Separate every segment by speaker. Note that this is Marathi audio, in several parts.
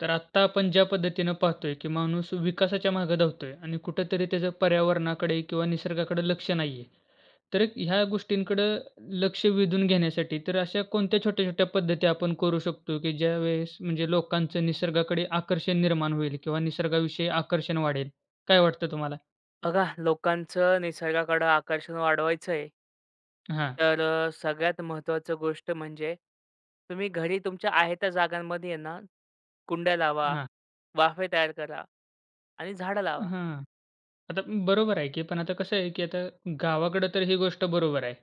Speaker 1: तर आत्ता, आपण ज्या पद्धतीने पाहतोय. की माणूस विकासाच्या मागं धावतोय आणि कुठेतरी त्याचं पर्यावरणाकडे, किंवा निसर्गाकडे लक्ष नाहीये. तर एक ह्या गोष्टींकडं लक्ष वेधून घेण्यासाठी, तर अशा कोणत्या छोट्या-छोट्या पद्धती आपण करू शकतो की ज्यावेळेस म्हणजे लोकांचं निसर्गाकडे आकर्षण निर्माण होईल, किंवा निसर्गाविषयी आकर्षण वाढेल. काय वाटतं तुम्हाला?
Speaker 2: बघा लोकांचं निसर्गाकडं आकर्षण वाढवायचंय
Speaker 1: हां.
Speaker 2: तर अ, सगळ्यात महत्त्वाचं गोष्ट म्हणजे. तुम्ही घरी तुमच्या आहे त्या जागांमध्ये ना, कुंड्या लावा,
Speaker 1: हां.
Speaker 2: वाफे तयार करा, आणि झाडं लावा.
Speaker 1: हां. आता बरोबर आहे की. पण आता कसं आहे की आता गावाकडं तर ही गोष्ट बरोबर आहे.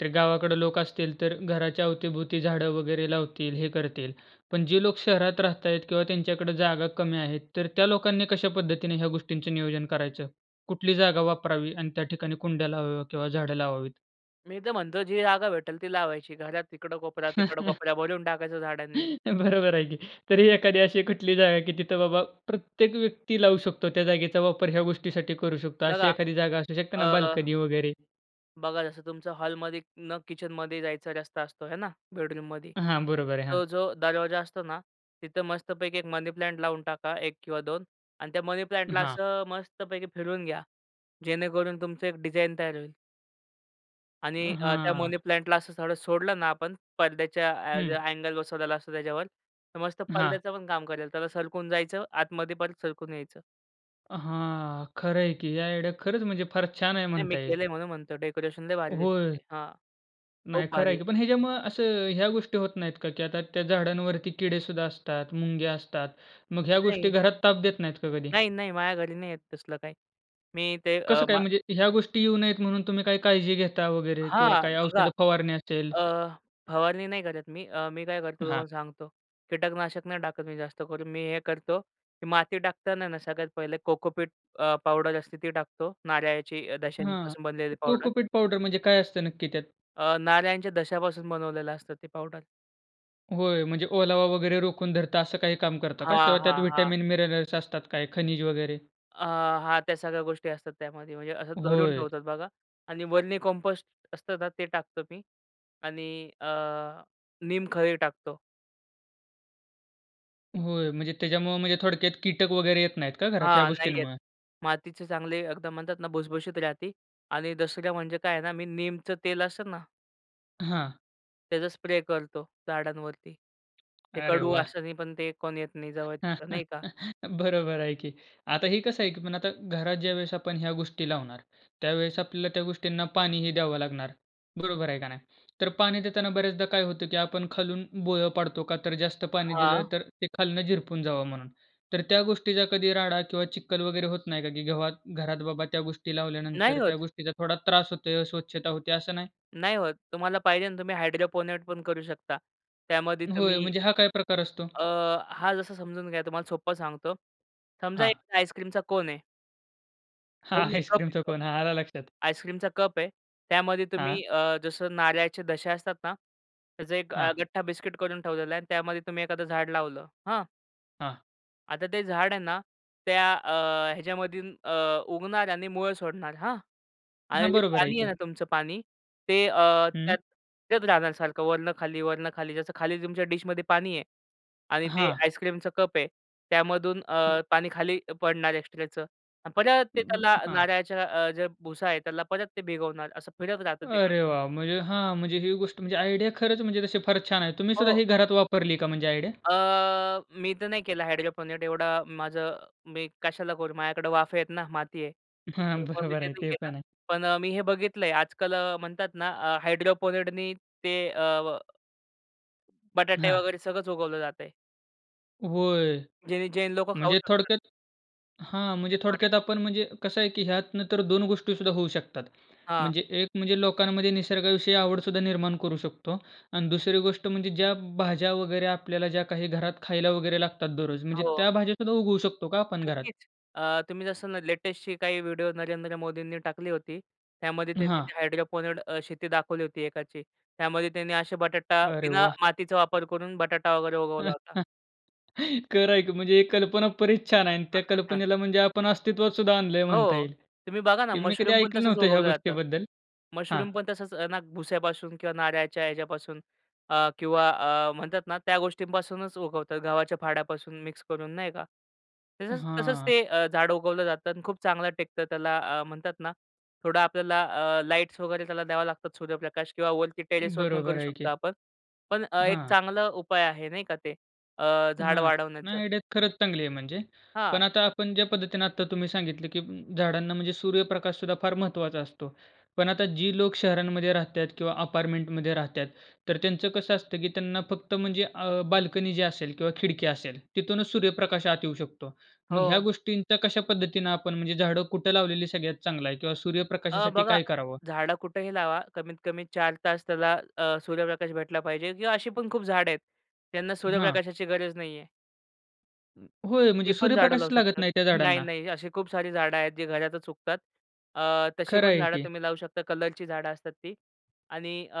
Speaker 1: तर गावाकडं लोक असतील तर घराच्या अवती-भोवती झाडं वगैरे लावतील, हे करतील. पण जे लोक शहरात राहतायेत, किंवा त्यांच्याकडे जागा कमी आहेत. तर त्या लोकांनी कशा पद्धतीने ह्या गोष्टींचं नियोजन करायचं. कुठली जागा वापरावी, आणि त्या ठिकाणी कुंड्या लावाव्या, किंवा झाडं लावावीत?
Speaker 2: मी तर म्हणतो, जी जागा भेटेल ती लावायची घरात. इकडं कोपऱ्यात, तिकडं कोपऱ्यात भरून टाकायचं झाडांनी.
Speaker 1: बरोबर आहे की. तरी एखादी अशी कुठली जागा आहे की तिथं बाबा प्रत्येक व्यक्ती लावू शकतो, त्या जागेचा वापर ह्या गोष्टीसाठी करू शकतो. अशी
Speaker 2: बघा,
Speaker 1: एखादी जागा असू शकते ना,
Speaker 2: अ
Speaker 1: बाल्कनी वगैरे.
Speaker 2: बघा जसं तुमचं हॉलमध्ये न किचनमध्ये जायचा रस्ता असतो हे ना बेडरूममध्ये?
Speaker 1: हां. बरोबर आहे.
Speaker 2: तो
Speaker 1: हां.
Speaker 2: जो दरवाजा असतो ना तिथं मस्तपैकी एक मनी प्लांट लावून टाका 1 किंवा 2 आणि त्या मनी प्लांटला
Speaker 1: हां.
Speaker 2: असं मस्तपैकी फिरवून घ्या. जेणेकरून तुमचं एक डिझाइन तयार होईल.
Speaker 1: अ,
Speaker 2: आणि अ, त्या
Speaker 1: हां.
Speaker 2: मनी प्लांटला असं थोडं सोडलं ना आपण पडद्याच्या ऍ
Speaker 1: हं.
Speaker 2: अँगल बसवलेला असतो त्याच्यावर तर मस्त
Speaker 1: हां.
Speaker 2: पडद्याचं पण काम करेल त्याला सरकून जायचं, आतमध्ये परत सरकून यायचं.
Speaker 1: हां. खरंय की, ह्या आयडिया खरंच म्हणजे फार छान आहे
Speaker 2: नाही, मी
Speaker 1: म्हणता येईल.
Speaker 2: केलंय म्हणून म्हणतो डेकोरेशन लई भारी दिसतं
Speaker 1: होय.
Speaker 2: ते हां.
Speaker 1: नाही
Speaker 2: खूप
Speaker 1: खरं आहे
Speaker 2: भारी.
Speaker 1: की पण ह्याच्यामुळं असं ह्या गोष्टी होत नाहीत का की, आता त्या झाडांवरती किडे सुद्धा असतात, मुंग्या असतात. मग ह्या गोष्टी
Speaker 2: नाही.
Speaker 1: घरात ताप देत नाहीत का कधी?
Speaker 2: नाही, नाही. माझ्या घरी नाही येत तसलं काही. मी ते अ,
Speaker 1: कसं काय?
Speaker 2: मा
Speaker 1: म्हणजे ह्या गोष्टी येऊ नयेत म्हणून तुम्ही काही काळजी घेता वगैरे किंवा
Speaker 2: हां,
Speaker 1: काही
Speaker 2: बघा.
Speaker 1: औषध फवारणी असेल?
Speaker 2: अ, फवारणी नाही करत मी. अ, मी काय करतो,
Speaker 1: हां.
Speaker 2: तुम्हाला सांगतो. कीटकनाशक नाही टाकत मी जास्त करून, मी हे करतो, की माती टाकताना आहे ना सगळ्यात पहिले कोकोपीट अ, पावडर असते ती टाकतो नारळाची
Speaker 1: हां.
Speaker 2: दशेपासून बनलेली पावडर.
Speaker 1: कोकोपीट पावडर म्हणजे काय असतं नक्की त्यात?
Speaker 2: अ, नारळ्यांच्या दशापासून बनवलेलं असतं ते पाऊडर.
Speaker 1: होय, म्हणजे ओलावा वगैरे रोखून धरत असं काही काम करता का?
Speaker 2: हां,
Speaker 1: किंवा त्यात
Speaker 2: हां, हां.
Speaker 1: व्हिटॅमिन मिनरल्स असतात काय, खनिज वगैरे?
Speaker 2: अ, हां, त्या सगळ्या गोष्टी असतात त्यामध्ये, म्हणजे असं धरून
Speaker 1: होय.
Speaker 2: ठेवतात बघा आणि वर्मी कंपोस्ट असतं तर ते टाकतो मी आणि अ, नीमखळी टाकतो.
Speaker 1: होय, म्हणजे त्याच्यामुळे म्हणजे थोडक्यात कीटक वगैरे येत नाहीत का घरात या
Speaker 2: हां, नाही येत
Speaker 1: गोष्टींमुळे?
Speaker 2: मातीचे चांगले एकदम म्हणतात ना भुसभुशीत राहती आणि दसऱ्याला म्हणजे काय आहे ना मी नीमचं तेल असतं ना
Speaker 1: हां.
Speaker 2: त्याचा स्प्रे करतो झाडांवरती. ते
Speaker 1: अरे
Speaker 2: कडू
Speaker 1: वाह!
Speaker 2: वासानी पण ते कोण येत नाही जवळ, नाही का?
Speaker 1: बरोबर आहे की. आता हे कसं आहे की आता घरात ज्यावेळेस आपण ह्या गोष्टी लावणार त्यावेळेस आपल्याला त्या गोष्टींना पाणी ही द्यावं लागणार. बरोबर आहे का नाही? तर पाणी देताना बऱ्याचदा काय होतं की आपण खालून भोळ पाडतो, का तर जास्त पाणी दिलं
Speaker 2: हां.
Speaker 1: तर ते खालनं झिरपून जावं म्हणून. तर त्या गोष्टीचा कधी राडा किंवा चिखल वगैरे होत नाही का? की जेव्हा घरात बाबा त्या गोष्टी
Speaker 2: नाही
Speaker 1: लावल्यानंतर त्या
Speaker 2: होत.
Speaker 1: गोष्टीचा थोडा त्रास होत आहे, अस्वच्छता होते असं नाही?
Speaker 2: नाही होत. तुम्हाला पाहिजे ना तुम्ही हायड्रोपोनेट पण करू शकता. त्यामध्ये
Speaker 1: होय,
Speaker 2: तुम्ही
Speaker 1: म्हणजे हा काय प्रकार असतो?
Speaker 2: अ, हा जसा समजून घ्या तुम्हाला सोप्पं सांगतो. समजा
Speaker 1: हां.
Speaker 2: एक आईसक्रीमचा कोन आहे.
Speaker 1: हां,
Speaker 2: कोन नाही, कप आहे
Speaker 1: आईस्क्रीमचाचा
Speaker 2: कप.
Speaker 1: कोन. हां, आला लक्षात.
Speaker 2: आईस्क्रीमचा कप आहे. त्यामध्ये
Speaker 1: हां.
Speaker 2: तुम्ही अ, जसं नारळचे दशा असतात ना, त्याचं एक अ,
Speaker 1: हां.
Speaker 2: गठ्ठा बिस्किट करून ठेवलेला आहे आणि त्यामध्ये तुम्ही एखादं झाड लावलं, हां?
Speaker 1: हां.
Speaker 2: आता ते झाड आहे ना, त्या अ, ह्याच्यामधून अ, उगणार आणि मुळं सोडणार, हां? आणि
Speaker 1: हां,
Speaker 2: जे
Speaker 1: बरोबर आहे
Speaker 2: पाणी आहे
Speaker 1: की.
Speaker 2: ना, तुमचं पाणी, ते अ,
Speaker 1: हं.
Speaker 2: त्यात येत राहणार सारखं वरनं खाली, वरनं खाली. जसं खाली तुमच्या डिशमध्ये पाणी आहे आणि ते
Speaker 1: हां.
Speaker 2: आईस्क्रीमचं कप आहे, त्यामधून
Speaker 1: हं.
Speaker 2: अ, पाणी खाली अ, पडणार एक्स्ट्राचं अन् परत ते
Speaker 1: उम्म,
Speaker 2: त्याला
Speaker 1: हां.
Speaker 2: नारळाच्या अ, ज्या भुसा आहे, त्याला परत ते भिगवणार. असं फिरत राहतं ते
Speaker 1: अरे
Speaker 2: कंटिन्यू.
Speaker 1: वाह! म्हणजे हां, म्हणजे ही गोष्ट म्हणजे आयडिया खरंच म्हणजे तशी फार छान आहे. तुम्ही सुद्धा
Speaker 2: हो.
Speaker 1: ही घरात वापरली का म्हणजे आयडिया?
Speaker 2: अ, मी तर नाही केला हायड्रोपोनिक. एवढा माझं मी कशाला करू? माझ्याकडं वाफे आहेत ना, माती आहे,
Speaker 1: हां,
Speaker 2: त्यामुळे मी
Speaker 1: बरोबर
Speaker 2: ते
Speaker 1: आहे.
Speaker 2: नाही
Speaker 1: ते
Speaker 2: केलं.
Speaker 1: पण आहे.
Speaker 2: पण अ, मी हे बघितलंय आजकाल अ, म्हणतात ना, अ, हायड्रोपोनिक नी ते अ व बटाटे
Speaker 1: हां.
Speaker 2: वगैरे, सगळंच उगवलं जातंय.
Speaker 1: होय.
Speaker 2: ज्यानी जैन लोकं खाऊ
Speaker 1: म्हणजे
Speaker 2: शकतात.
Speaker 1: थोडक्यात हां, म्हणजे
Speaker 2: तेच
Speaker 1: थोडक्यात
Speaker 2: बटाटा
Speaker 1: आपण म्हणजे कसं आहे की ह्यात नंतर तर 2 गोष्टी सुद्धा होऊ शकतात.
Speaker 2: हां.
Speaker 1: म्हणजे एक म्हणजे लोकांमध्ये निसर्गाविषयी आवड सुद्धा निर्माण करू शकतो आणि दुसरी गोष्ट म्हणजे, ज्या भाज्या वगैरे आपल्याला ज्या काही घरात खायला वगैरे लागतात दररोज, म्हणजे
Speaker 2: हो.
Speaker 1: त्या भाज्या सुद्धा उगवू शकतो का आपण घरात?
Speaker 2: नक्कीच. अ, तुम्ही जसं ना लेटेस्टची काही व्हिडिओ नरेंद्र मोदींनी टाकली होती. त्यामध्ये त्यांनी
Speaker 1: हां.
Speaker 2: ते हायड्रोपोनिक अ, शेती दाखवली होती एकाची. त्यामध्ये त्यांनी अशा बटाटा
Speaker 1: अरे
Speaker 2: विना
Speaker 1: वाह!
Speaker 2: मातीचा वापर करून बटाटा वगैरे उगवला होता.
Speaker 1: खरं आहें की म्हणजे ही कल्पना बरीच छान आहे अन्
Speaker 2: हां,
Speaker 1: त्या
Speaker 2: हां, हां.
Speaker 1: कल्पनेला म्हणजे आपण अस्तित्वात सुद्धा आणलं आहे म्हणता
Speaker 2: हो,
Speaker 1: येईल,
Speaker 2: तुम्ही बघा ना
Speaker 1: की मी कधी
Speaker 2: मशरूम पण
Speaker 1: ऐकलं
Speaker 2: तसंच
Speaker 1: नव्हतं ह्या
Speaker 2: उगवलं जातं.
Speaker 1: गोष्टीबद्दल हां.
Speaker 2: मशरूम पण तसंच ना भुस्यापासून किंवा नारळच्या ह्याच्यापासून अ, किंवा अ, म्हणतात ना त्या गोष्टींपासूनच उगवतात, गव्हाच्या फाड्यापासून मिक्स करून, नाही का? तसंच तसंच
Speaker 1: हां.
Speaker 2: ते अ, झाड उगवलं जातं आणि खूप चांगलं टिकतं. त्याला अ, म्हणतात ना, थोडा आपल्याला अ, लाईट्स वगैरे, त्याला द्यावा लागतात सूर्यप्रकाश किंवा वरती टेरेसवर पण
Speaker 1: बरोबर
Speaker 2: करू
Speaker 1: आहे
Speaker 2: शकतो
Speaker 1: की.
Speaker 2: आपण. पण अ, एक
Speaker 1: हां.
Speaker 2: चांगला उपाय आहे नाही का ते अ, झाड
Speaker 1: हां,
Speaker 2: वाढवण्याचं.
Speaker 1: नाही, आयडिया खरंच चांगली आहे म्हणजे. पण
Speaker 2: हां.
Speaker 1: आता आपण ज्या पद्धतीने आत्ता तुम्ही सांगितलं की उम्म, झाडांना म्हणजे सूर्यप्रकाश सुद्धा फार महत्वाचा असतो. पण आता जी लोक शहरांमध्ये राहत आहेत किंवा अपार्टमेंटमध्ये राहतात, तर त्यांचं कसं असतं की त्यांना फक्त म्हणजे अ, बाल्कनी जी असेल, किंवा खिडकी असेल तिथूनच सूर्यप्रकाश आत येऊ शकतो. मग ह्या
Speaker 2: हो.
Speaker 1: गोष्टींचा कशा पद्धतीनं आपण म्हणजे झाडं कुठं लावलेली सगळ्यात चांगलं आहे? किंवा
Speaker 2: अ,
Speaker 1: सूर्यप्रकाशासाठी
Speaker 2: बघा,
Speaker 1: काय करावं?
Speaker 2: झाडं कुठेही लावा, कमीत कमी 4 तास त्याला अ, सूर्यप्रकाश भेटला पाहिजे. किंवा अशी पण खूप झाडं आहेत. त्यांना
Speaker 1: हां.
Speaker 2: सूर्यप्रकाशाची गरज नाही आहे.
Speaker 1: होय
Speaker 2: ती
Speaker 1: म्हणजे
Speaker 2: पण झाडं लावू
Speaker 1: सूर्यप्रकाशच लागत
Speaker 2: शकतात.
Speaker 1: नाही त्या
Speaker 2: नाही,
Speaker 1: झाडांना!
Speaker 2: नाही अशी खूप सारी झाडं आहेत जी घरातच उगतात. अ, तशी
Speaker 1: खरं
Speaker 2: पण
Speaker 1: आहे
Speaker 2: झाडं
Speaker 1: की.
Speaker 2: तुम्ही लावू शकता, कलरची झाडं असतात ती. आणि अ,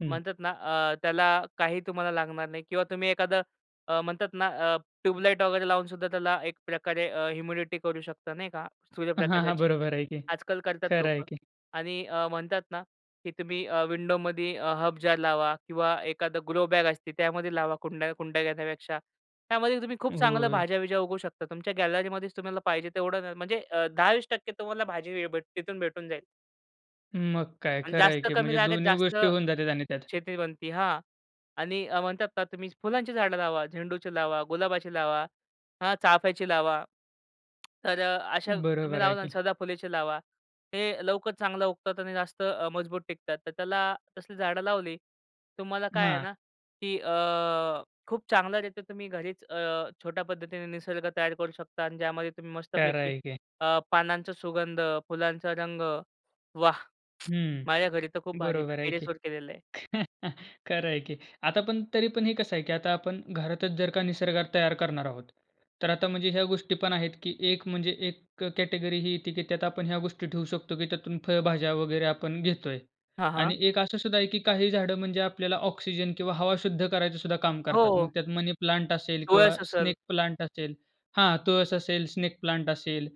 Speaker 1: हं.
Speaker 2: म्हणतात ना अ, त्याला काही तुम्हाला लागणार नाही किंवा तुम्ही एखादं अ, म्हणतात ना अ, ट्यूबलाइट वगैरे लावून सुद्धा त्याला एक प्रकारे अ, इम्युनिटी करू शकता, नाही का,
Speaker 1: हां, हां,
Speaker 2: सूर्यप्रकाशाची.
Speaker 1: बरोबर आहे की.
Speaker 2: आज-काल करतात
Speaker 1: खरं आहे
Speaker 2: लोकं.
Speaker 1: की.
Speaker 2: आणि अ, म्हणतात ना की तुम्ही अ, विंडोमध्ये अ, हर्ब जार लावा किंवा एखादं ग्रो बॅग असती, त्यामध्ये लावा, कुंड्या कुंड्या घेण्यापेक्षा. त्यामध्ये तुम्ही खूप चांगलं
Speaker 1: होय.
Speaker 2: भाज्या-बिज्या उगवू शकता. तुमच्या गॅलरीमध्येच तुम्हाला पाहिजे तेवढं न म्हणजे अ, 10-20% तुम्हाला भाजी वी तिथून भेटून जाईल.
Speaker 1: मग काय
Speaker 2: आणि
Speaker 1: खरं आहे
Speaker 2: जास्त
Speaker 1: की
Speaker 2: कमी
Speaker 1: म्हणजे
Speaker 2: जागेत
Speaker 1: दोन्ही
Speaker 2: जास्त
Speaker 1: गोष्टी होऊन जातात आणि त्यात.
Speaker 2: शेती बनती, हां आणि अ, म्हणतात तुम्ही फुलांची झाडं लावा, झेंडूची लावा, गुलाबाची लावा, हां चाफ्याची लावा. तर अ, अशा तुम्ही
Speaker 1: बरोबर आहे
Speaker 2: लावलं अन्
Speaker 1: की.
Speaker 2: सदाफुलीची लावा. हे लवकर चांगलं उगतात आणि जास्त अ, मजबूत टिकतात. तर त्याला तसली झाडं लावली, तुम्हाला काय आहे
Speaker 1: हां.
Speaker 2: ना की अ, खूप चांगल्या रीत्या तुम्ही घरीच अ, छोट्या पद्धतीने निसर्ग तयार करू शकता अन् ज्यामध्ये तुम्ही
Speaker 1: खंर
Speaker 2: मस्तपैकी
Speaker 1: आहे की.
Speaker 2: अ, पानांचा सुगंध, फुलांचा रंग, वाह!
Speaker 1: हं.
Speaker 2: माझ्या घरी तर खूप भारी मी
Speaker 1: बरोबर आहे की.
Speaker 2: टेरेसवर केलेलं आहे.
Speaker 1: खरं आहे की. आता पण तरी पण हे कसं आहे की आता आपण घरातच जर का निसर्ग तयार करणार आहोत, तर आता म्हणजे ह्या गोष्टी पण आहेत की एक म्हणजे एक अ, कॅटेगरी ही येते की त्यात आपण ह्या गोष्टी ठेवू शकतो की त्यातून फळभाज्या वगैरे आपण घेतोय.
Speaker 2: हां, हां.
Speaker 1: आणि एक असं सुद्धा आहे की काही झाडं म्हणजे आपल्याला ऑक्सिजन किंवा हवा शुद्ध करायचं सुद्धा काम करतात. मग
Speaker 2: हो.
Speaker 1: त्यात मनी प्लांट असेल किंवा
Speaker 2: तुळस असेल.
Speaker 1: स्नेक प्लांट असेल. हां, तुळस असेल, स्नेक प्लांट असेल.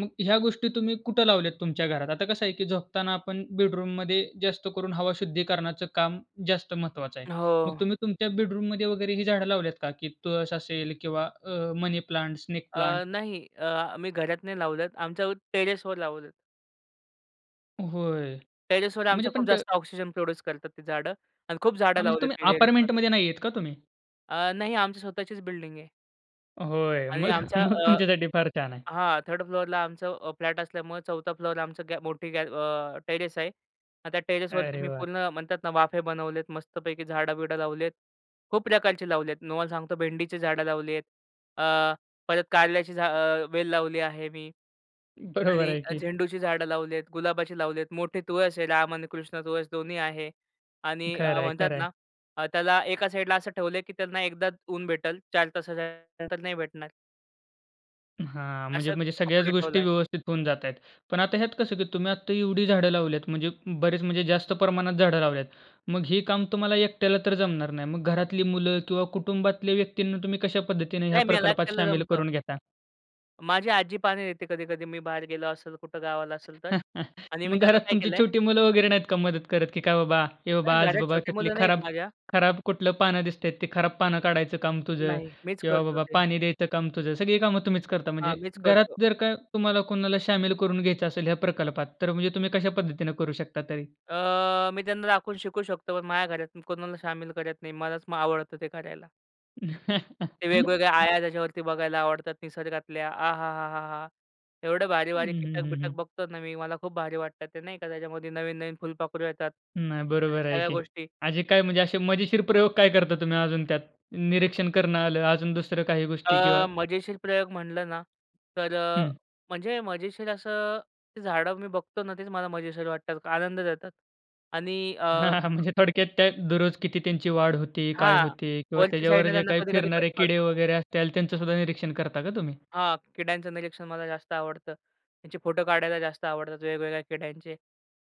Speaker 1: मग ह्या गोष्टी तुम्ही कुठं लावल्यात तुमच्या घरात? आता कसं आहे की झोपताना आपण बेडरूममध्ये जास्त करून हवा शुद्धीकरणाचं काम जास्त महत्त्वाचं आहे. मग
Speaker 2: हो.
Speaker 1: तुम्ही तुमच्या बेडरूममध्ये वगैरे ही झाडं लावली आहेत का? की तुळस असेल किंवा अ, मनी प्लांट, स्नेक
Speaker 2: अ,
Speaker 1: प्लांट?
Speaker 2: नाही अ, आम्ही घरात नाही लावलेत आमच्यावर टेरेसवर लावले
Speaker 1: होय,
Speaker 2: टेरेसवर
Speaker 1: म्हणजे
Speaker 2: आमच्या
Speaker 1: पण
Speaker 2: खूप
Speaker 1: ते
Speaker 2: जास्त ऑक्सिजन प्रोड्यूस करतात ती झाडं. आणि खूप झाडं
Speaker 1: हां, म्हणजे
Speaker 2: लावलेत
Speaker 1: तुम्ही
Speaker 2: मी टेरेसवर
Speaker 1: अपार्टमेंटमध्ये नाहीयेत का तुम्ही?
Speaker 2: अ, नाही आमची स्वतःचीच बिल्डिंग आहे.
Speaker 1: होय.
Speaker 2: आणि
Speaker 1: मग,
Speaker 2: आमच्या
Speaker 1: मग
Speaker 2: अ
Speaker 1: तुमच्यासाठी फार छान आहे.
Speaker 2: हां. 3rd फ्लोरला आमचं अ, फ्लॅट असल्यामुळं 4 फ्लोरला आमचं मोठी गॅ अ, टेरेस आहे. हां, त्या टेरेसवरती
Speaker 1: अरे
Speaker 2: मी
Speaker 1: वाह!
Speaker 2: पूर्ण म्हणतात ना वाफे बनवलेत मस्तपैकी झाडं-बिडं लावली आहेत. खूप प्रकारचे लावले आहेत. तुम्हाला सांगतो भेंडीची झाडं लावली आहेत. अ, परत कारल्याची झा अ, वेल लावली आहे मी.
Speaker 1: बरोबर
Speaker 2: आणि
Speaker 1: आहे
Speaker 2: अ,
Speaker 1: की.
Speaker 2: झेंडूची झाडं लावलीत, गुलाबाची लावलीत, मोठी तुळस आहे. राम आणि कृष्ण तुळस दोन्ही आहे. आणि अ,
Speaker 1: खरंय
Speaker 2: म्हणतात
Speaker 1: खरंय.
Speaker 2: ना अ, त्याला एका साइडला असं ठेवलं आहे की त्यांना एकदाच ऊन भेटेल, 4 तासाच्या नंतर नाही भेटणार.
Speaker 1: हां,
Speaker 2: अशाच
Speaker 1: म्हणजे-म्हणजे सगळ्याच
Speaker 2: [unintelligible]
Speaker 1: गोष्टी
Speaker 2: ठेवलाय.
Speaker 1: व्यवस्थित होऊन जात आहेत. पण आता ह्यात कसं की तुम्ही आता एवढी झाडं लावल्यात म्हणजे बरेच म्हणजे जास्त प्रमाणात झाडं लावल्यात. मग हे काम तुम्हाला एकट्याला तर जमणार नाही. मग घरातली मुलं किंवा कुटुंबातल्या व्यक्तींना तुम्ही कशा पद्धतीने ह्या
Speaker 2: नाही मला
Speaker 1: प्रकल्पात
Speaker 2: एकट्याला
Speaker 1: शामिल
Speaker 2: जमतं.
Speaker 1: करून घेता?
Speaker 2: माझी आजी पाणी देते कधी-कधी मी बाहेर गेलो असेल, कुठं गावाला असेल तर. आणि मी
Speaker 1: मग
Speaker 2: त्याला
Speaker 1: घरात
Speaker 2: काय
Speaker 1: तुमची
Speaker 2: केलंय
Speaker 1: छोटी मुलं वगैरे नाहीत का मदत करत? की काय बाबा, ए बाबा,
Speaker 2: नाही
Speaker 1: आज
Speaker 2: घरात
Speaker 1: बाबा,
Speaker 2: छोटी
Speaker 1: त्यातली
Speaker 2: मुलं नाही आहे
Speaker 1: खराब
Speaker 2: माझ्या.
Speaker 1: खराब कुठलं पानं दिसतंय ते खराब पानं काढायचं काम तुझं
Speaker 2: नाही मीच
Speaker 1: किंवा
Speaker 2: करतो
Speaker 1: बाबा
Speaker 2: ते.
Speaker 1: पाणी द्यायचं काम तुझं. सगळी कामं तुम्हीच करता
Speaker 2: हां,
Speaker 1: म्हणजे.
Speaker 2: मीच
Speaker 1: घरात
Speaker 2: करतो.
Speaker 1: जर का तुम्हाला कोणाला शामिल करून घ्यायचं असेल, या प्रकल्पात तर म्हणजे तुम्ही कशापद्धतीने करू शकता तरी?
Speaker 2: अ, मी त्यांना दाखवून शिकू शकतो पण माझ्या घरात कोणाला सामील करत नाही, मलाच आवडतं ते करायला. ते वेगवेगळ्या आळ्या त्याच्यावरती बघायला आवडतात. निसर्गातल्या आहाहाहाहा! एवढं
Speaker 1: हं,
Speaker 2: भारी-भारी
Speaker 1: हं,
Speaker 2: कीटक
Speaker 1: हं,
Speaker 2: बिटक
Speaker 1: हं.
Speaker 2: बघतो ना मी, मला खूप भारी वाटतात ते नाही का? त्याच्यामध्ये नवीन-नवीन फुलपाखरू येतात
Speaker 1: नाही,
Speaker 2: आणि
Speaker 1: बरोबर आहे
Speaker 2: सगळ्या
Speaker 1: की.
Speaker 2: गोष्टी.
Speaker 1: [unintelligible] काय म्हणजे असे मजेशीर प्रयोग काय करता तुम्ही अजून त्यात? निरीक्षण करणं आलं, अजून दुसऱ्या काही गोष्टी किंवा
Speaker 2: अ, मजेशीर प्रयोग म्हटलं ना तर अ,
Speaker 1: हं.
Speaker 2: म्हणजे मजेशीर असं झाडं मी बघतो ना, तेच मला मजेशीर वाटतात, आनंद देतात आणि अ
Speaker 1: म्हणजे थोडक्यात त्या दररोज किती त्यांची वाढ होती, काय
Speaker 2: हां,
Speaker 1: होते किंवा
Speaker 2: वरच्या
Speaker 1: त्याच्यावर
Speaker 2: साइडने
Speaker 1: जे
Speaker 2: त्यांना
Speaker 1: काही
Speaker 2: कधी-कधी कट
Speaker 1: फिरणारे किडे
Speaker 2: करतो.
Speaker 1: वगैरे असत्याल, त्यांचं सुद्धा निरीक्षण करता का तुम्ही?
Speaker 2: हां, किड्यांचं निरीक्षण मला जास्त आवडतं. त्याचे फोटो काढायला जास्त आवडतात. वेगवेगळ्या किड्यांचे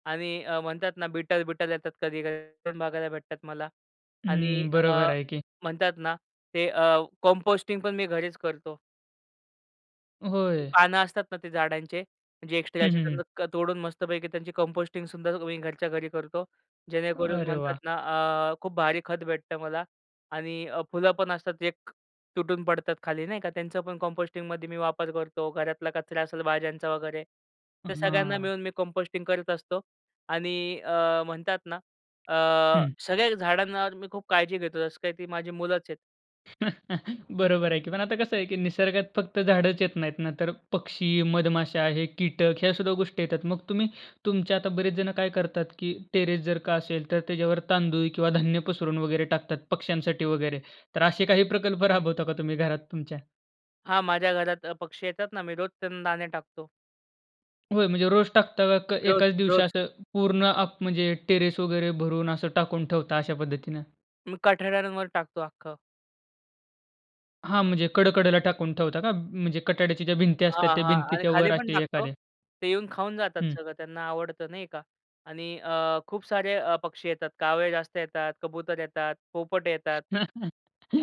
Speaker 2: आणि अ, म्हणतात ना, बिटर बिटर येतात कधी-कधी ते बघायला भेटतात मला आणि
Speaker 1: हं,
Speaker 2: अ,
Speaker 1: बरोबर आहे की.
Speaker 2: म्हणतात ना अ, ते कंपोस्टिंगपण मी घरीच करतो.
Speaker 1: होय.
Speaker 2: पानं असतात ना ते झाडांचे जे
Speaker 1: हं,
Speaker 2: एक्स्ट्राचे,
Speaker 1: हं, हं.
Speaker 2: त्यांना अ, तोडून मस्तपैकी त्यांची कंपोस्टिंगसुद्धा मी घरच्या घरी करतो. जेणेकरून
Speaker 1: अरे
Speaker 2: म्हणतात
Speaker 1: वाह!
Speaker 2: ना अ, खूप भारी खत भेटतं मला आणि अ, फुलंपण असतात एक तुटून पडतात खाली नाही का, त्यांचं पण कंपोस्टिंगमध्ये मी वापर करतो. घरातला कचरा असेल भाज्यांचा वगैरे
Speaker 1: अ,
Speaker 2: तर सगळ्यांना
Speaker 1: हां.
Speaker 2: मिळून मी कंपोस्टिंग करत असतो आणि अ, म्हणतात ना अ,
Speaker 1: हं.
Speaker 2: सगळ्या झाडांवर मी खूप काळजी घेतो, जसं काही ती माझी मुलंच आहेत.
Speaker 1: बरोबर आहे की. पण आता कसं आहे कि निसर्गात फक्त झाडच येत नाहीत ना तर पक्षी, मधमाशा हे कीटक ह्या सुद्धा गोष्टी येतात. मग तुम्ही तुमच्या आता बरेच जण काय करतात की टेरेस जर का असेल तर त्याच्यावर तांदूळ किंवा धान्य पसरून वगैरे टाकतात पक्ष्यांसाठी वगैरे. तर असे काही प्रकल्प राबवता का तुम्ही घरात तुमच्या?
Speaker 2: हां. माझ्या घरात अ, पक्षी येतात ना. मी रोज त्यांना दाणे टाकतो.
Speaker 1: होय म्हणजे रोज टाकता का? क
Speaker 2: रोज,
Speaker 1: एकाच दिवशी
Speaker 2: रोज.
Speaker 1: असं पूर्ण अप म्हणजे टेरेस वगैरे भरून असं टाकून ठेवता अशा पद्धतीने?
Speaker 2: मी कठड्यांवर टाकतो, आख्खं.
Speaker 1: हां. म्हणजे कडेकडेला टाकून ठेवता का? म्हणजे कटाड्याची ज्या भिंती असतात
Speaker 2: हां,
Speaker 1: त्या
Speaker 2: हां. आणि
Speaker 1: भिंतीच्यावर
Speaker 2: खालीपण
Speaker 1: असे
Speaker 2: टाकतो.
Speaker 1: एखादे.
Speaker 2: ते येऊन खाऊन जातात
Speaker 1: हं.
Speaker 2: सगळं. त्यांना आवडत नाही का. आणि अ, खूप सारे अ, पक्षी येतात कावळे जास्त येतात, कबूतर येतात, पोपट येतात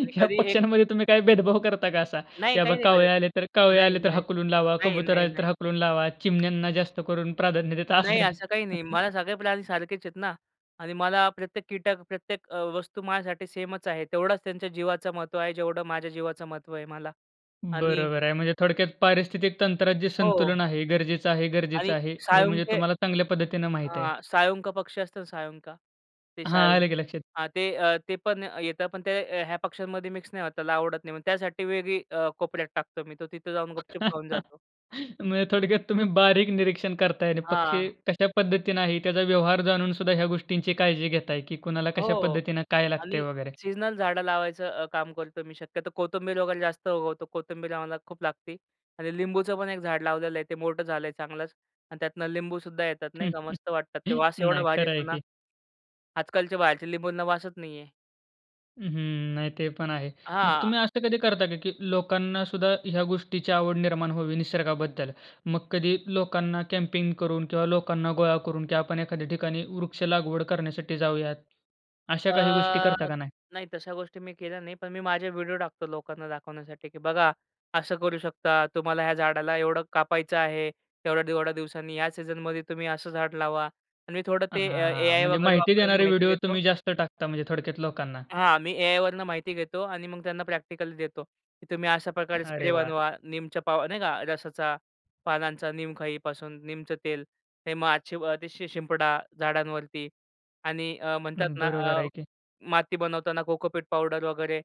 Speaker 2: आणि कधी एक
Speaker 1: पक्षांमध्ये तुम्ही काय भेदभाव करता का असा?
Speaker 2: नाही,
Speaker 1: कि बाबा
Speaker 2: काही करतं.
Speaker 1: कावळे आले तर, कावळे
Speaker 2: नाही,
Speaker 1: आले तर
Speaker 2: नाही.
Speaker 1: हाकलून लावा,
Speaker 2: नाही,
Speaker 1: कबूतर
Speaker 2: नाही,
Speaker 1: आले
Speaker 2: नाही.
Speaker 1: तर हाकलून लावा. चिमण्यांना जास्त करून प्राधान्य देता असं
Speaker 2: नाही,
Speaker 1: काय?
Speaker 2: असं काही नाही. मला सगळे प्राणी सारखेच आहेत ना, आणि मला प्रत्येक कीटक, प्रत्येक अ, वस्तू माझ्यासाठी सेमच आहे. तेवढाच त्यांच्या जीवाचं महत्त्व आहे जेवढं माझ्या जीवाचं महत्त्व आहे मला. आणि
Speaker 1: बरोबर आहे. म्हणजे थोडक्यात पारिस्थितिक तंत्रात जे
Speaker 2: हो.
Speaker 1: संतुलन आहे, गरजेचं आहे. गरजेचं
Speaker 2: आणि
Speaker 1: आहे हे म्हणजे
Speaker 2: साळुंके
Speaker 1: तुम्हाला चांगल्या पद्धतीने माहीत आहे.
Speaker 2: हां, साळुंका पक्षी असतं ना, साळुंका ते
Speaker 1: हां. आलं की
Speaker 2: साळुंके
Speaker 1: लक्षात.
Speaker 2: हां ते, अ, ते पण येतात. पण ते अ, ह्या पक्ष्यांमध्ये मिक्स नाही होत, त्याला आवडत नाही. मग त्यासाठी वेगळी अ, कोपऱ्यात टाकतो मी तो तिथे जाऊन गुपचुप खाऊन जातो.
Speaker 1: म्हणजे थोडक्यात तुम्ही बारीक निरीक्षण करताय आणि पक्षी
Speaker 2: हां.
Speaker 1: कशा पद्धतीने आहे, त्याचा व्यवहार जाणून सुद्धा ह्या गोष्टींची काळजी घेत आहे की कुणाला कशा
Speaker 2: हो,
Speaker 1: पद्धतीने काय लागतंय
Speaker 2: आणि
Speaker 1: वगैरे.
Speaker 2: सीझनल झाडं लावायचं अ, काम करतो मी. शक्यतो कोथिंबीर वगैरे जास्त उगवतो. कोथिंबीर आम्हाला खूप लागते आणि लिंबूचं पण एक झाड लावलेलं आहे. ते मोठं झालं आहे चांगलंच आणि त्यातनं लिंबू सुद्धा येतात, नाही का. मस्त वाटतात ते वास एवढा
Speaker 1: नाही,
Speaker 2: भारी
Speaker 1: खरं आहे
Speaker 2: येतो ना,
Speaker 1: की.
Speaker 2: आजकालचे बाहेरचे लिंबूंना वासचं नाही आहे.
Speaker 1: हं, हं. नाही ते पण आहे. मग
Speaker 2: हां.
Speaker 1: तुम्ही असं कधी करता का की लोकांनासुद्धा ह्या गोष्टीची आवड निर्माण व्हावी निसर्गाबद्दल. मग कधी लोकांना कॅम्पिंग करून किंवा लोकांना गोळा करून की आपण एखाद्या ठिकाणी वृक्ष लागवड करण्यासाठी जाऊयात. अशा
Speaker 2: अ,
Speaker 1: काही गोष्टी करता का नाही?
Speaker 2: नाही तशा गोष्टी मी केल्या नाही. पण मी माझे व्हिडिओ टाकतो लोकांना दाखवण्यासाठी की "बघा असं करू शकता, तुम्हाला ह्या झाडाला एवढं कापायचं आहे." थोड्या-थोड्या दिवसांनी या सीझनमध्ये तुम्ही असं झाड लावा आणि मी थोडं ते अ,
Speaker 1: हां.
Speaker 2: ए-आय
Speaker 1: म्हणजे
Speaker 2: वगैरे
Speaker 1: माहिती
Speaker 2: वापरून
Speaker 1: देणारे
Speaker 2: माहिती
Speaker 1: व्हिडिओ
Speaker 2: घेतो.
Speaker 1: तुम्ही जास्त टाकता म्हणजे थोडक्यात लोकांना.
Speaker 2: हां, मी ए-आय वरून माहिती घेतो आणि मग त्यांना प्रॅक्टिकल्स देतो, की तुम्ही अशा प्रकारे
Speaker 1: अरे
Speaker 2: स्प्रे
Speaker 1: वाह!
Speaker 2: बनवा. नीमच्या पाव नाही का? रसाचा पानांचा नीम खाईपासून नीमचं तेल. हे मग आजची व शि शिंपडा झाडांवरती आणि अ, म्हणतात ना
Speaker 1: बरोबर
Speaker 2: अ,
Speaker 1: आहे की.
Speaker 2: माती बनवताना कोकोपीट पावडर वगैरे.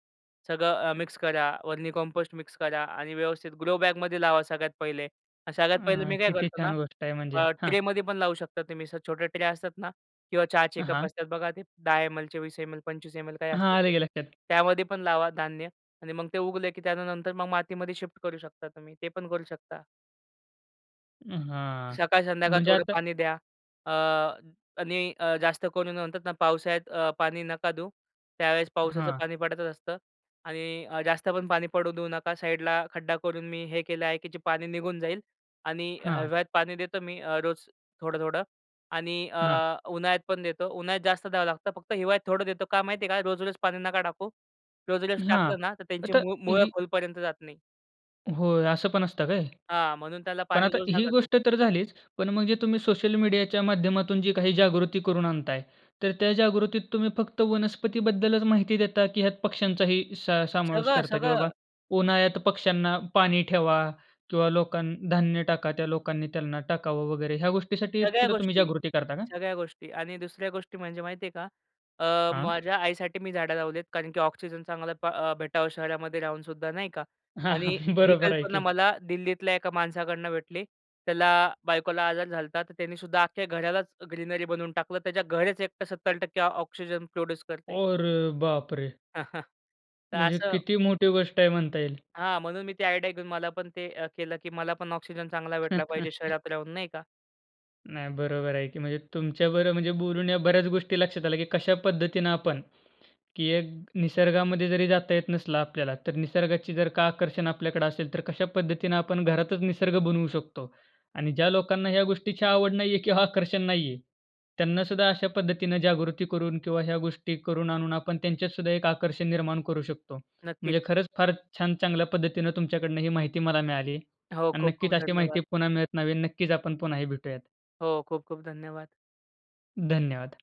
Speaker 2: सगळं अ, मिक्स करा. व्हर्मी कंपोस्ट मिक्स करा आणि व्यवस्थित ग्रो बॅगमध्ये लावा सगळ्यात पहिले. सगळ्यात पहिले
Speaker 1: अ,
Speaker 2: मी काय
Speaker 1: किती
Speaker 2: करतो ना
Speaker 1: छान गोष्ट आहे म्हणजे.
Speaker 2: अ,
Speaker 1: हां.
Speaker 2: ट्रेमध्ये पण लावू शकता तुम्ही. असं छोट्या ट्रे असतात ना, किंवा चहाचे कप
Speaker 1: हां.
Speaker 2: असतात बघा, ते 10 एम-एल, 20 एम-एल, 25 एम-एल काय
Speaker 1: हां.
Speaker 2: असते ते.
Speaker 1: आलं की लक्षात.
Speaker 2: त्यामध्ये पण लावा धान्य आणि मग ते उगलं की त्यानंतर मग मातीमध्ये शिफ्ट करू शकता तुम्ही. ते पण करू शकता.
Speaker 1: हां.
Speaker 2: सकाळ संध्याकाळ
Speaker 1: म्हणजे
Speaker 2: थोडं
Speaker 1: आता
Speaker 2: पाणी द्या. अ, आणि अ, जास्त करून म्हणतात ना पावसाळ्यात पाणी नका देऊ. त्यावेळेस पावसाचं
Speaker 1: हां.
Speaker 2: पाणी पडतच असतं आणि जास्त पण पाणी पडू देऊ नका साईडला खड्डा करून मी हे केलं आहे की जे पाणी निघून जाईल आणि
Speaker 1: हां.
Speaker 2: हिवाळ्यात पाणी देतो मी रोज थोडं-थोडं. आणि अ,
Speaker 1: हां.
Speaker 2: उन्हाळ्यात पण देतो. उन्हाळ्यात जास्त द्यावं लागतं. फक्त हिवाळ्यात थोडं देतो का माहिती आहे का रोज-रोज पाणी नका टाकू. रोज-रोज
Speaker 1: हां.
Speaker 2: टाकलं ना तर त्यांची
Speaker 1: आता
Speaker 2: मूळ मुळं
Speaker 1: ही
Speaker 2: खोलपर्यंत जात नाही.
Speaker 1: होय असं पण असतं काय?
Speaker 2: हां. म्हणून त्याला
Speaker 1: पण
Speaker 2: पाणी
Speaker 1: आता
Speaker 2: रोज
Speaker 1: ही
Speaker 2: नका देऊ.
Speaker 1: गोष्ट तर झालीच पण मग जे तुम्ही सोशल मीडियाच्या माध्यमातून जी काही जागृती करून आणताय, तर त्या जागृतीत तुम्ही फक्त वनस्पतीबद्दलच माहिती देता की ह्यात पक्ष्यांचाही स समावेश
Speaker 2: सगळं,
Speaker 1: करता, की बाबा
Speaker 2: सगळं.
Speaker 1: उन्हाळ्यात पक्ष्यांना पाणी ठेवा किंवा लोकां धान्य टाका त्या लोकांनी त्यांना टाकावं वगैरे ह्या गोष्टीसाठी
Speaker 2: सगळ्या
Speaker 1: सुद्धा तुम्ही
Speaker 2: गोष्टी.
Speaker 1: जागृती करता का?
Speaker 2: सगळ्या गोष्टी. आणि दुसऱ्या गोष्टी म्हणजे माहिती आहे का? अ,
Speaker 1: हां.
Speaker 2: माझ्या आईसाठी मी झाडं लावली आहेत. कारण की ऑक्सिजन चांगला अ, भेटावं शहरामध्ये राहूनसुद्धा नाही का.
Speaker 1: हां,
Speaker 2: आणि
Speaker 1: हां.
Speaker 2: ही
Speaker 1: बरोबर आहे
Speaker 2: कल्पना
Speaker 1: की.
Speaker 2: मला दिल्लीतल्या एका माणसाकडनं भेटली. त्याला बायकोला आजार झाला होता तर त्याने सुद्धा अख्ख्या घरालाच ग्रीनरी बनवून टाकलं. त्याच्या घरच एकटं 70% ऑक्सिजन प्रोड्यूस करते.
Speaker 1: अरे बापरे!
Speaker 2: तर
Speaker 1: म्हणजे
Speaker 2: असं
Speaker 1: किती मोठी गोष्ट आहे म्हणता येईल.
Speaker 2: हां. म्हणून मी ती आयडिया घेऊन मला पण ते अ, केलं की मला पण ऑक्सिजन चांगला भेटला पाहिजे शहरात राहून, नाही का.
Speaker 1: नाही बरोबर आहे की. म्हणजे तुमच्या बरोबर म्हणजे बोलून या बऱ्याच गोष्टी लक्षात आल्या की कशा पद्धतीनं आपण की एक निसर्गामध्ये जरी जाता येत नसलं आपल्याला तर निसर्गाची जर का आकर्षण आपल्याकडे असेल तर कशा पद्धतीनं आपण घरातच निसर्ग बनवू शकतो. आणि ज्या लोकांना ह्या गोष्टीची आवड नाहीये किंवा आकर्षण नाहीये त्यांना सुद्धा अशा पद्धतीनं जागृती करून किंवा ह्या गोष्टी करून आणून आपण त्यांच्यात सुद्धा एक आकर्षण निर्माण करू शकतो. म्हणजे
Speaker 2: नक्कीच.
Speaker 1: खरंच फार छान चांगल्या पद्धतीनं तुमच्याकडनं ही माहिती मला मिळाली.
Speaker 2: हो.
Speaker 1: आणि
Speaker 2: खूप खूप
Speaker 1: नक्कीच अशी
Speaker 2: धन्यवाद.
Speaker 1: माहिती पुन्हा मिळत राहावी. नक्कीच आपण पुन्हाही भेटूयात.
Speaker 2: हो. खूप खूप धन्यवाद.
Speaker 1: धन्यवाद.